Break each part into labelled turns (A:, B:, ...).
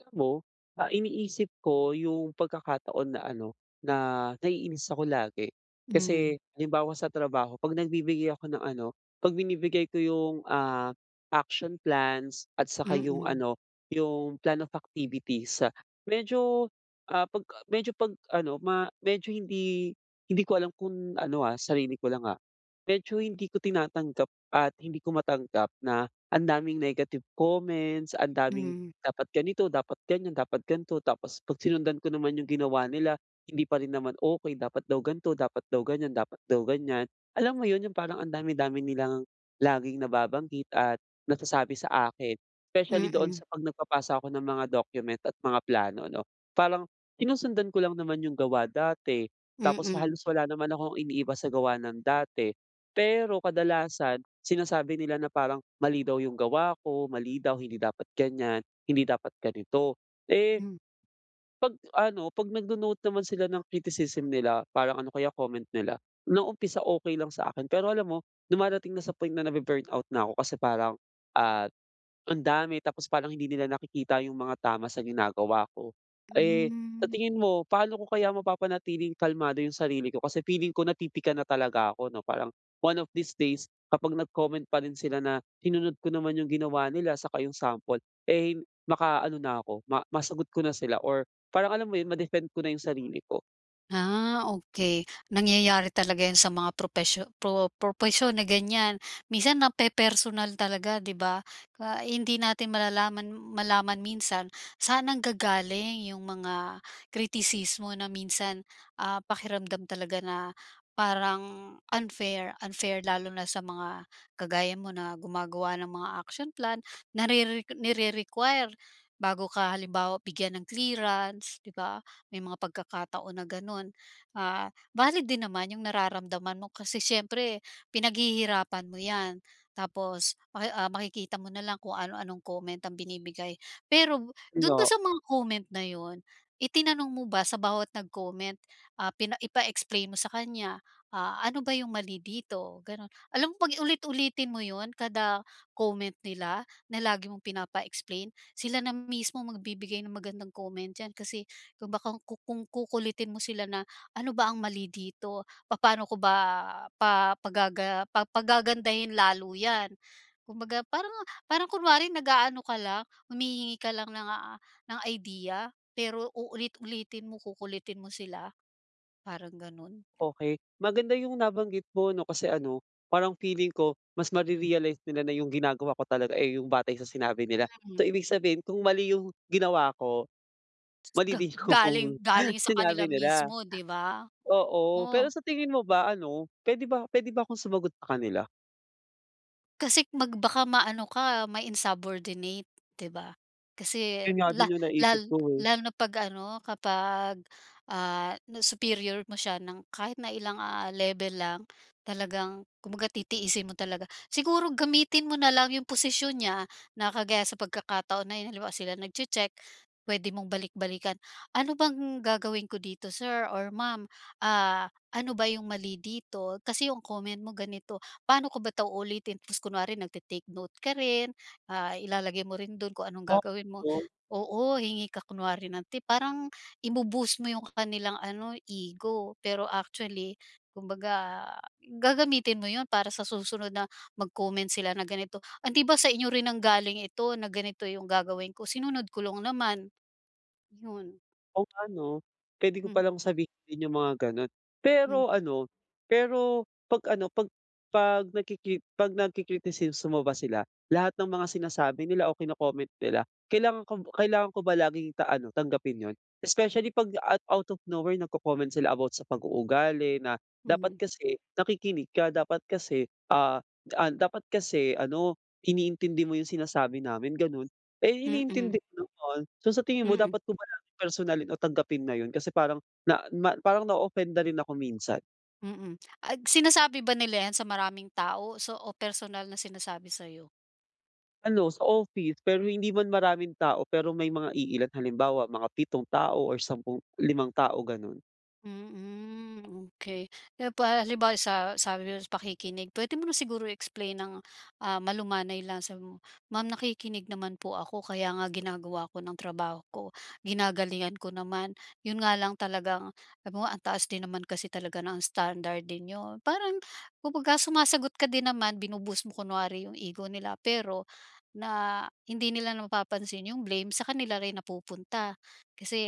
A: Alam mo, ah, iniisip ko iyung pagkakataon na ano, na naiinis ako lagi.
B: Hmm.
A: Kasi, halimbawa sa trabaho kapag nagbibigay ako ng ano, kapag binibigay ko iyung, ah, action plans. At saka iyung
B: Mm.
A: ano, iyung plan of activities. Medyo, ah, kapag a medyo kapag ano, ma medyo hindi hindi ko alam kung ano, ah, sarili ko lang, ah. Medyo hindi ko tinatanggap at hindi ko matanggap na ang daming negative comments, ang daming
B: Mhm.
A: "Dapat ganito, dapat ganiyan, dapat ganito." tapos, kapag sinundan ko naman iyung ginawa nila, hindi pa rin naman okey. Dapat daw "Ganito," dapat daw "ganiyan," dapat daw "ganiyan." Alam mo iyun, iyung parang, ang dami-dami nilang laging nababanggit at nasasabi sa akin. Specially doon
B: Mm.
A: sa kapag nagpapasa ako ng mga document at mga plano ano. Parang, sinusundan ko lang naman iyung gawa dati. Tapos,
B: Mm.
A: halos wala naman akong iniiba sa gawa ng dati. Pero, kadalasan sinasabi nila na parang, mali daw iyung gawa ko, mali daw. "Hindi dapat ganyan, hindi dapat ganito." eh,
B: Hmm.
A: kapag ano, kapag nagno-note naman sila ng criticism nila, parang ano kaya comment nila. Noong umpisa, okey lang sa akin. Pero, alam mo dumarating na sa point na nabu burn out na ako. Kasi, parang, ah, ang dami, tapos, parang hindi nila nakikita iyung mga tama sa ginagawa ko. Eh, sa
B: Hmm.
A: tingin mo, paano ko kaya mapapanatiling kalmado iyung sarili ko? Kasi, feeling ko napipika na talaga ako, ano. Parang, one of these days, kapag nag-comment pa rin sila. Na sinunod ko naman iyung ginawa nila, saka iyong sample, eh, maka-ano na ako, masagot ko na sila. Or parang alam mo iyun, ma-defend ko na iyung sarili ko.
B: Ah, okey. Nangyayari talaga yun sa mga propesyo pro propesyon na ganyan, minsan nape-personal talaga 'di ba? Ah, hindi natin malalaman malaman minsan saan nanggagaling yung mga kritisismo na minsan, ah, pakiramdam talaga na parang unfair unfair lalo na sa mga kagaya mo na gumagawa ng mga action plan narere nire-require bago ka halimbawa bigyan ng clearance, 'di ba, may mga pagkakataon na gano'n. Ah, valid din naman yung nararamdaman mo kasi siyempre pinaghihirapan mo 'yan, tapos maki, ah, makikita mo na lang kung ano-anong comment ang binibigay. Pero,
A: Oo,
B: dun ba
A: nga.
B: sa mga comment na yun, itinanong mo ba sa bawat nag-comment, ah, pina ipa-explain mo sa kanya, ah, ano ba yung mali dito? Ganun, alam mo, 'pag ulit-ulitin mo yun kada comment nila na lagi mong pinapa-explain, sila na mismo magbibigay ng magandang comment d'yan, kasi kung baka ku kung kukulitin mo sila na ano ba ang mali dito, papaano ko ba pa pagaga pagagandahin lalo 'yan? Kung baga parang parang kunwari nag-aano ka lang, humihingi ka lang ng, ah, ng idea. Pero uulit-ulitin mo, kukulitin mo sila, parang ganun.
A: Okey. Maganda yung nabanggit mo 'no, kasi ano, parang feeling ko mas mare-realize nila na yung ginagawa ko talaga eh yung batay sa sinabi nila. So,
B: Mm.
A: ibig sabihin kung mali yung ginawa ko, mali
B: Ga
A: din yung
B: galing galing sa
A: sinabi
B: kanila
A: nila.
B: mismo, 'di ba?
A: Oo,
B: Oo.
A: pero sa tingin mo ba ano, puwede ba puwede ba akong sumagot sa kanila?
B: Kasi, mag baka ma-ano ka, ma insubordinate, hindi ba? Kasi,
A: Iyun nga
B: la
A: din iyung naisip
B: lal
A: ko, eh.
B: lalo na kapag ano kapag, ah, na superior mo siya ng kahit na ilang, ah, level lang, talagang kumbaga titiisin mo talaga. Siguro gamitin mo na lang iyung posisyon niya, na kagaya sa pagkakataon na iyun. Halimbawa, sila nagtse-tsek, puwede mong balik-balikan. "Ano ba ang gagawin ko dito," Sir or Ma'am, "ah, ano ba iyung mali dito? Kasi iyung comment mo ganito. Paano ko ba ito ulitin?" Tapos, kunwari nagte-take note ka rin. Ah, ilalagay mo rin doon kung anong gagawin mo
A: [unintelligible]
B: oo, hingi ka kunwari ng tip. Parang, ibo-boost mo iyung kanilang ano, ego. Pero actually, kumbaga gagamitin mo iyun para sa susunod na mag-comment sila na ganito, "Hindi ba sa inyo rin nanggaling ito, na ganito iyung gagawin ko. Sinunod ko lang naman." ayon.
A: Kung ano, puwede ko
B: Hmm
A: palang sabihin iyung mga ganoon.
B: Hmm.
A: Pero ano, pero kapag ano, 'pag 'pag nagkiki kapag nagki-kritisismo ba sila, lahat ng mga sinasabi nila o kino-comment nila, kailangan kob kailangan ko ba laging ta ano tanggapin iyun? Especially, kapag at out of nowhere nagko-comment sila about sa pag-uugali na, "Dapat
B: Mhm.
A: kasi nakikinig ka. Dapat kasi, ah, da an dapat kasi ano, iniintindi mo iyung sinasabi namin." ganoon. Eh,
B: Mm.
A: iniintindi ko naman. So, sa tingin mo
B: Mm.
A: dapat ko ba na personalin, o tanggapin na iyun? Kasi, parang na ma parang na-offend rin ako minsan.
B: Mm. Ah, sinasabi ba nila yan sa maraming tao o, so, personal na sinasabi sa'yo?
A: Ano, sa office pero hindi man maraming tao pero may mga iilan. Halimbawa mga pitong tao or sampu limang tao, gano'n.
B: Mm, okey. Eh, paa halimbawa sa sabi ko sa'yo, pakikinig, pwede mo na siguro i-explain ng, ah, malumanay lang. Sabihin mo, "Maam, nakikinig naman po ako kaya nga ginagawa ko ng trabaho ko. Ginagalingan ko naman. Yun nga lang, talagang," sabihin mo, "ang taas din naman kasi talaga ng standard din nyo." Parang kumbaga sumasagot ka din naman, binu-boost mo kunwari yung ego nila. Pero na hindi nila na mapapansin yung blame sa kanila rin napupunta. Kasi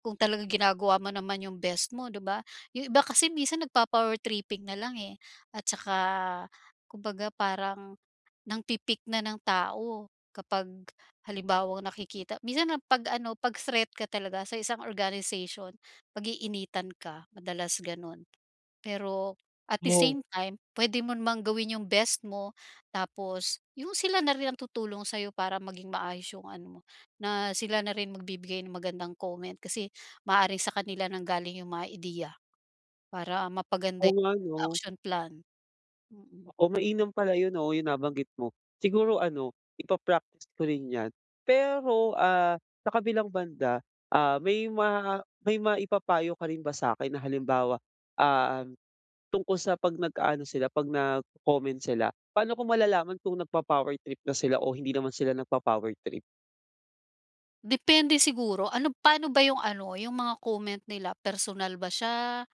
B: kung talagang ginagawa mo naman yung best mo, 'di ba? Yung iba kasi minsan nagpa-power tripping nalang eh, at tsaka kumbaga parang nangpi-pick na ng tao kapag halimbawang nakikita minsan ang 'pag ano, pag-threat ka talaga sa isang organization, pag-iinitan ka, madalas ganun. Pero at the
A: Oo.
B: same time pwede mo namang gawin yung best mo tapos yung sila na rin ang tutulong sa'yo para maging maayos yung ano mo, na sila na rin magbibigay ng magandang comment. Kasi maaaring sa kanila nanggaling yung mga ideya, para mapaganda
A: Oo nga, 'no?
B: action plan. Mm.
A: Oo, mainam pala yun, 'no, yung nabanggit mo. Siguro ano, ipa-practice ko rin yan. Pero, ah, sa kabilang banda, ah, may ma may maipapayo ka rin ba sa akin na halimbawa, ah, tungkol sa 'pag nag-aano sila, 'pag nagco-comment sila, paano ko malalaman kung nagpa-power trip na sila o hindi naman sila nagpa-power trip?
B: Depende siguro. Ano paano ba iyung ano, iyung mga comment nila, personal ba siya,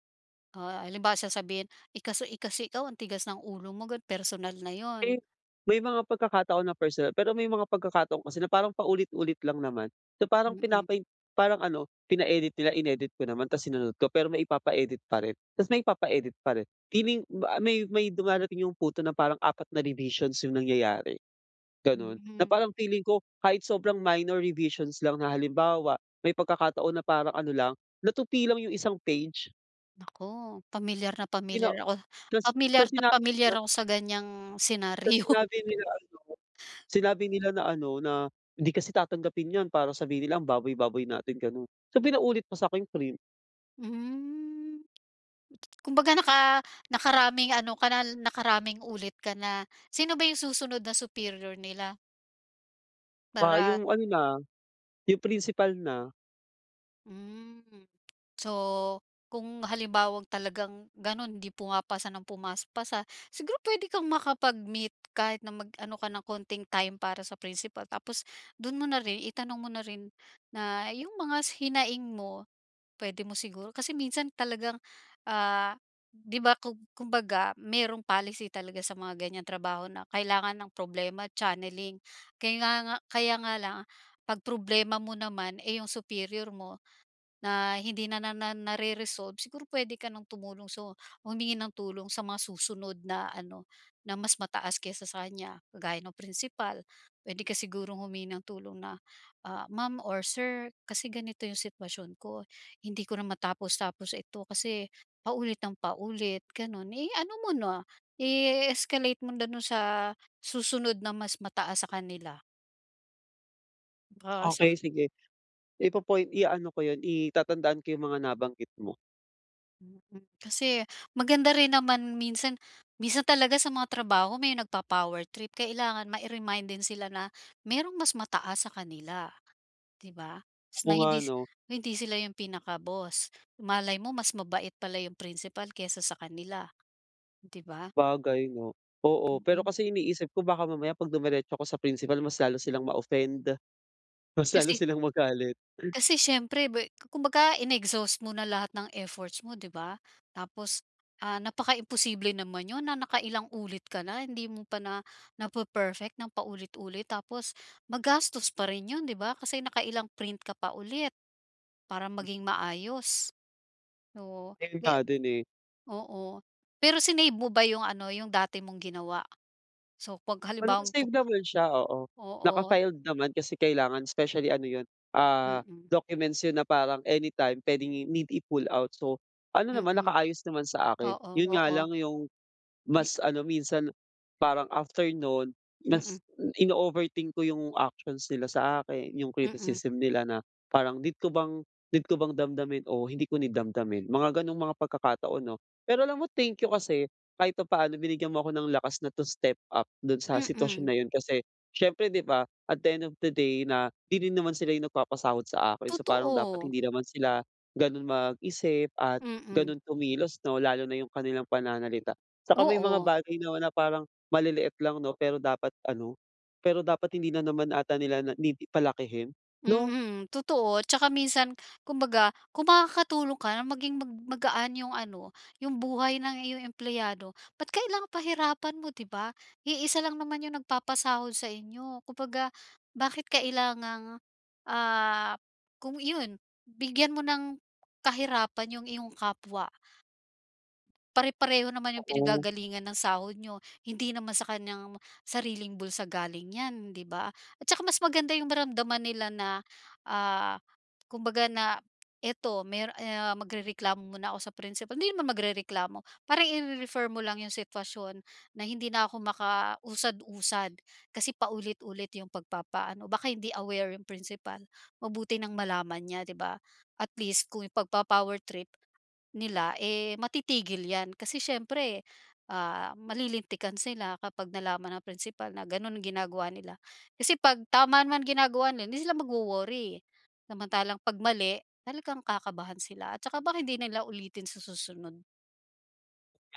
B: ah, halimbawa sasabihin, "Eh, kasi eh, kasi, ikaw, ang tigas ng ulo mo," ganoon. Personal na iyun.
A: Eh, may mga pagkakataon na personal. Pero may mga pagkakataon kasi na parang paulit-ulit lang naman. So, parang
B: Mm.
A: pinapai parang ano, pina-edit nila, inedit ko naman. Tapos sinunod ko pero may ipapa-edit pa rin, tapos may ipapa-edit pa rin. Feeling ba a may may dumarating iyong punto na parang 4 na revisions iyung nangyayari, ganoon, na
B: Mm.
A: parang feeling ko kahit sobrang minor revisions lang na, halimbawa, may pagkakataon na parang ano lang, natupi lang iyong isang page.
B: Naku, pamilyar na
A: Pina
B: pamilyar ako
A: tapos
B: pamilyar
A: tapos
B: na
A: sinabi
B: pamilyar
A: nila
B: ako sa ganiyang
A: tapos
B: senaryo.
A: sinabi nila ano, sinabi nila na ano, na "Hindi kasi tatanggapin iyan para sabihin nila, ang baboy-baboy natin." ganoon. So, pinaulit pa sa akin iyong print.
B: Hmm. Kumbaga naka nakaraming ano ka na, nakaraming ulit ka na. Sino ba iyung susunod na superior nila?
A: Ah,
B: Para
A: iyong ano na, iyong principal na.
B: Hmm. So, kung halimbawang talagang gano'n hindi pumapasa ng pumas pasa, siguro pwede kang makapag-meet kahit na mag-ano ka ng konting time para sa principal. Tapos dun mo na rin, itanong mo na rin na yung mga s hinaing mo. Pwede mo siguro kasi minsan talagang, ah, 'di ba, kung kumbaga merong policy talaga sa mga ganyang trabaho na kailangan ang problema, channeling. Kayla nga kaya nga lang, 'pag problema mo naman, eh, yung superior mo na hindi na na na nare-resolve, siguro puwede ka nang tumulong, so, humingi ng tulong sa mga susunod na ano, na mas mataas kaysa sa kanya. Kagaya no'ng principal, pwede ka sigurong humingi ng tulong na, ah, "Ma'am or sir, kasi ganito yung sitwasyon ko. Hindi ko na matapos-tapos ito kasi, paulit ng paulit," gano'n. Eh, ano mo na, i-escalate mo na dun sa susunod na mas mataas sa kanila. Oo, sa
A: Okey, sige. Ipo-point iano ko yun, i tatandaan ko yung mga nabanggit mo.
B: Mm, kasi maganda rin naman minsan minsan talaga sa mga trabaho, may nagpo-power trip. Kailangan mai-remind din sila na merong mas mataas sa kanila 'di ba. S na
A: Oo nga
B: hindi
A: 'no?
B: hindi sila 'yung pinaka-boss. Malay mo mas mabait pala yung principal kesa sa kanila, 'di ba?
A: Sabagay 'no, oo. Pero
B: Mm.
A: kasi iniisip ko, baka mamaya 'pag dumiretso ako sa principal mas lalo silang ma-offend. Mas lalo
B: Kasi
A: silang magalit.
B: kasi siyempre bwe kumbaga in-exhaust mo na lahat ng efforts mo 'di ba? Tapos, ah, napakaimposible naman 'yun na nakailang ulit ka na, hindi mo pa na nape-perfect ng paulit-ulit. Tapos, magastos pa rin 'yun 'di ba kasi nakailang print ka pa ulit, para maging maayos. O,
A: 'Yan nga
B: may
A: din, eh.
B: oo. Pero sinave mo ba 'yung ano, 'yung dati mong ginawa? So, pag
A: Well
B: halimbawang pu
A: naka-save naman siya, oo
B: Oo.
A: naka-filed naman kasi kailangan especially ano 'yun, ah,
B: Mm.
A: documents 'yun na parang anytime pwedeng i need i-pull out, so ano naman,
B: Mm.
A: nakaayos naman sa akin.
B: Oo,
A: 'Yun nga
B: oo.
A: lang 'yung,
B: 'Di, na.
A: mas ano minsan, parang after noon
B: Mm.
A: mas m ino-overthink ko 'yung actions nila sa akin. 'Yung
B: Mm.
A: criticism nila na parang need ko bang, need ko bang damdamin o hindi ko need damdamin, mga ganong mga pagkakataon 'no. Pero alam mo thank you kasi kahit papaano binigyan mo ako ng lakas na, to step up dun sa sitwasyon
B: Mm.
A: na 'yun, kasi siyempre 'di ba, at the end of the day na 'di 'din naman sila 'yung nagpapasahod sa akin. So parang dapat
B: Totoo.
A: hindi naman sila ganun mag-isip at
B: Mm.
A: ganun kumilos 'no, lalo na 'yung kanilang pananalita. 'Tsaka may mga
B: Oo.
A: bagay 'no, na parang maliliit lang 'no pero dapat ano, pero dapat hindi na naman ata nila na need palakihin, no?
B: Mm, totoo 'tsaka minsan kumbaga kung makakatulong ka maging mag magaan 'yung ano, 'yung buhay ng iyong empleyado, ba't kailangang pahirapan mo 'di ba. Iisa lang naman 'yung nagpapasahod sa inyo, kumbaga bakit kailangang, ah, kung iyon bigyan mo ng kahirapan yung iyong kapwa? Pare-pareho naman 'yung
A: Oo.
B: pinanggagalingan ng sahod niyo, hindi naman sa kanyang sariling bulsa galing 'yan 'di ba. At tsaka mas maganda 'yung maramdaman nila na, ah, kumbaga na ito mer e ah, magrereklamo muna ako sa principal. Hindi naman magrereklamo, parang ire-refer mo lang yung sitwasyon na, "Hindi na ako makausad-usad, kasi paulit-ulit 'yung pagpapaano," baka hindi aware 'yung principal. Mabuti nang malaman niya di ba at least kung ipagpa-power trip nila, eh, matitigil 'yan kasi siyempre, ah, malilintikan sila kapag nalaman ng principal na ganoon ginagawa nila. Kasi 'pag tama man ginagawa nila hindi sila magwo-worry, samantalang 'pag mali, talagang kakabahan sila at saka baka hindi nila ulitin sa susunod.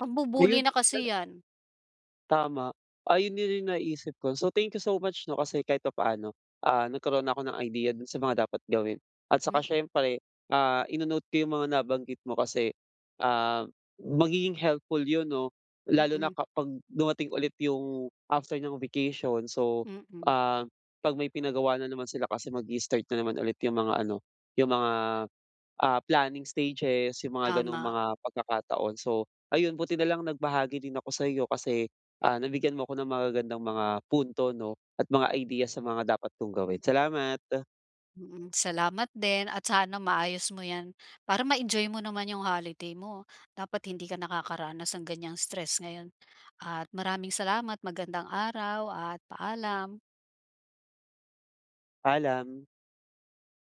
B: Pambu-bully na kasi yan.
A: Tama, ayun na rin naisip ko, so thank you so much 'no, kasi kahit papaano, ah, nagkaroon na ako ng idea doon sa mga dapat gawin. At saka
B: Mhm.
A: siyempre, ah, ino-note ko 'yung mga nabanggit mo kasi, ah, magiging helpful 'yun 'no, lalo na
B: Mm.
A: kapag dumating ulit 'yung, after ng vacation so,
B: Mm.
A: ah, 'pag may pinagawa nanaman sila kasi mag-i-start nanaman ulit 'yung mga ano, 'yung mga, ah, planning stages, yung mga ganung
B: Tama.
A: mga pagkakataon. So, ayun buti nalang nagbahagi din ako sa'yo kasi, ah, nabigyan mo ako ng magagandang mga punto 'no at mga idea sa mga dapat kong gawin,
B: Mhm.
A: salamat.
B: Mm, salamat din at sana maayos mo 'yan, para ma-enjoy mo naman 'yung holiday mo. Dapat hindi ka nakakaranas ng ganyang stress ngayon at maraming salamat, magandang araw at paalam.
A: Paalam.